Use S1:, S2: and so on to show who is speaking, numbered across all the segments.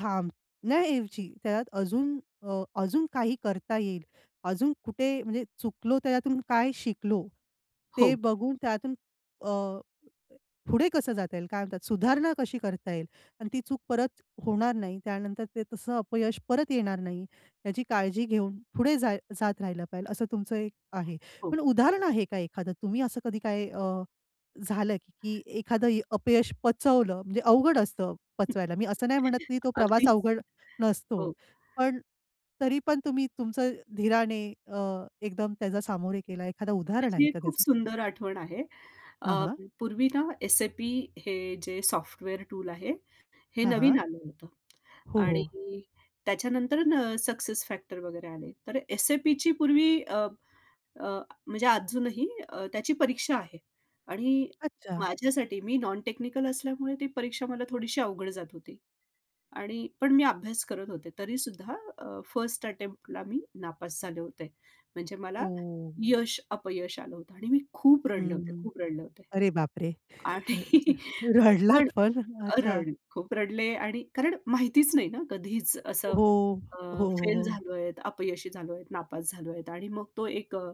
S1: थांबण्याऐवजी त्यात अजून अ, अजून काही करता येईल, अजून कुठे म्हणजे चुकलो त्याच्यातून काय शिकलो. ते
S2: हो.
S1: बघून त्यातून अ, पुढे कसं जाता येईल काय म्हणतात सुधारणा कशी करता येईल? आणि ती चूक परत होणार नाही त्यानंतर ते तसं अपयश परत येणार नाही याची काळजी घेऊन पुढे जाय जात राहिलं पाहिजे असं तुमचं एक आहे.
S2: हो.
S1: पण उदाहरण आहे का एखादं? तुम्ही असं कधी काय अ, झालं की एखादं अपयश पचवलं म्हणजे अवघड असतं पचवायला. मी असं नाही म्हणत की तो प्रवास
S2: अगदीच
S1: अवघड नसतो.
S2: हो.
S1: पण तरी पण तुम्ही तुमचं धीराने अ, एकदम त्याचा सामोरे गेला एखादं उदाहरण
S2: माझी
S1: आहे
S2: एक
S1: का
S2: खूप
S1: त्याचं?
S2: सुंदर आठवण आहे. अ,
S1: हां, हां.
S2: पूर्वी ना SAP हे जे सॉफ्टवेअर टूल आहे हे
S1: हां,
S2: नवीन
S1: हां.
S2: आलं होतं
S1: हो, हो.
S2: आणि त्याच्यानंतर अ, सक्सेस फॅक्टर वगैरे आले. तर SAPची पूर्वी अ, अ, म्हणजे अजूनही अ, त्याची परीक्षा आहे आणि
S1: अच्छा.
S2: माझ्यासाठी मी नॉन टेक्निकल असल्यामुळे ती परीक्षा मला थोडीशी अवघड जात होती आणि पण मी अभ्यास करत होते. तरी सुद्धा अ, फर्स्ट अटेम्प्टला मी नापास झाले होते. म्हणजे मला
S1: ओ!
S2: यश अपयश आलं होतं. आणि मी खूप
S1: हं,
S2: रडले होते.
S1: हं.
S2: खूप रडले होते.
S1: अरे बाप रे! र
S2: आणि
S1: र
S2: पण
S1: रडलात पण? अच्छा.
S2: रड खूप रडले आणि कारण माहितीच नाही ना कधीच असं
S1: हो,
S2: अ,
S1: हो, हो,
S2: फेल
S1: हो.
S2: झालोयत, अपयशी झालोयत, नापास झालोयेत आणि मग तो एक अ,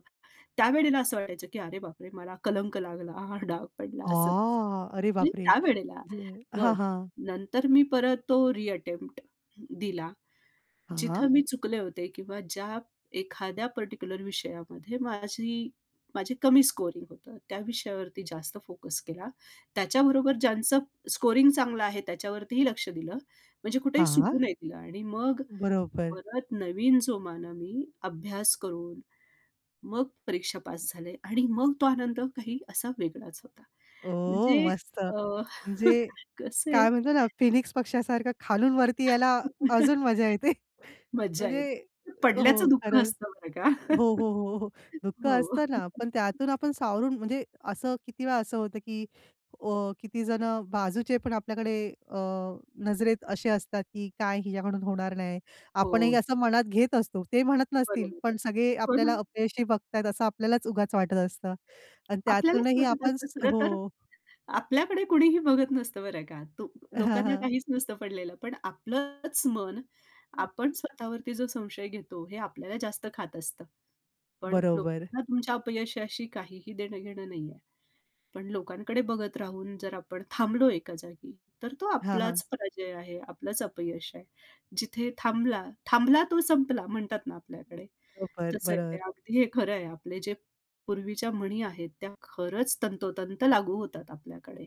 S2: त्यावेळेला असं वाटायचं की अरे बाप रे! मला कलंक लागला, हा डाग पडला असं तसं.
S1: आ. अरे
S2: मी
S1: बापरे!
S2: त्यावेळेला
S1: म्हणजे हां,
S2: पण
S1: हां.
S2: नंतर मी परत तो रिअटेम्प्ट दिला
S1: हां.
S2: जिथं मी चुकले होते किंवा ज्या एखाद्या पर्टिक्युलर विषयामध्ये माझी माझी कमी स्कोरिंग होतं त्या विषयावरती जास्त फोकस केला. त्याच्याबरोबर ज्यांचं स्कोरिंग चांगलं आहे त्याच्यावरतीही लक्ष दिलं. म्हणजे कुठेही
S1: हां.
S2: सुटू नाही दिलं आणि मग
S1: बरोबर.
S2: परत नवीन जो मानवी अभ्यास करून मग परीक्षा पास झाले आणि मग तो आनंद काही असा वेगळाच होता.
S1: ओ
S2: म्हणजे
S1: मस्त.
S2: अ,
S1: म्हणजे
S2: कसं आहे
S1: काय म्हणतो ना फिनिक्स पक्ष्यासारखं खालून वरती यायला अजून मजा येते.
S2: मज्जा
S1: म्हणजे
S2: येते.
S1: हो.
S2: पडल्याचं दुःख
S1: खरंच.
S2: असतं बरं का.
S1: हो, हो, हो, हो. दुःख
S2: हो.
S1: असतं ना पण त्यातून आपण सावरून म्हणजे असं किती वेळा असं होतं की अ, किती जणं बाजूचे पण आपल्याकडे अ, नजरेत असे असतात की काय हिच्याकडून होणार नाही. आपणही
S2: हो.
S1: असं मनात घेत असतो ते म्हणत नसतील
S2: बरोबर आहे.
S1: पण सगळे
S2: हो
S1: आपल्याला
S2: ना.
S1: अपयशी बघतायेत असं आपल्यालाच उगाच वाटत असतं आणि
S2: आपल्यालाच
S1: त्यातूनही
S2: वाटत
S1: आपण
S2: असतं खरं तर
S1: हो.
S2: आपल्याकडे कुणीही बघत नसतं बरं का. तू
S1: हां,
S2: लोकांना
S1: हां.
S2: काहीच नसतं पडलेलं. पण आपलंच मन,
S1: हं.
S2: आपण स्वतःवरती जो संशय घेतो हे आपल्याला जास्त खात असतं. पण
S1: बरोबर.
S2: लोकांना तुमच्या अपयशाशी काहीही देणं घेणं नाहीये. पण लोकांकडे बघत राहून जर आपण थांबलो एका जागी तर तो
S1: हां, हां.
S2: आपलाच पराजय आहे, आपलंच अपयश आहे. जिथे थांबला थांबला तो संपला म्हणतात ना आपल्याकडे.
S1: बरोबर,
S2: तसं आहे ते.
S1: बरोबर.
S2: अगदी हे खरं आहे. आपले जे पूर्वीच्या म्हणी आहेत त्या खरंच तंतोतंत लागू होतात आपल्याकडे.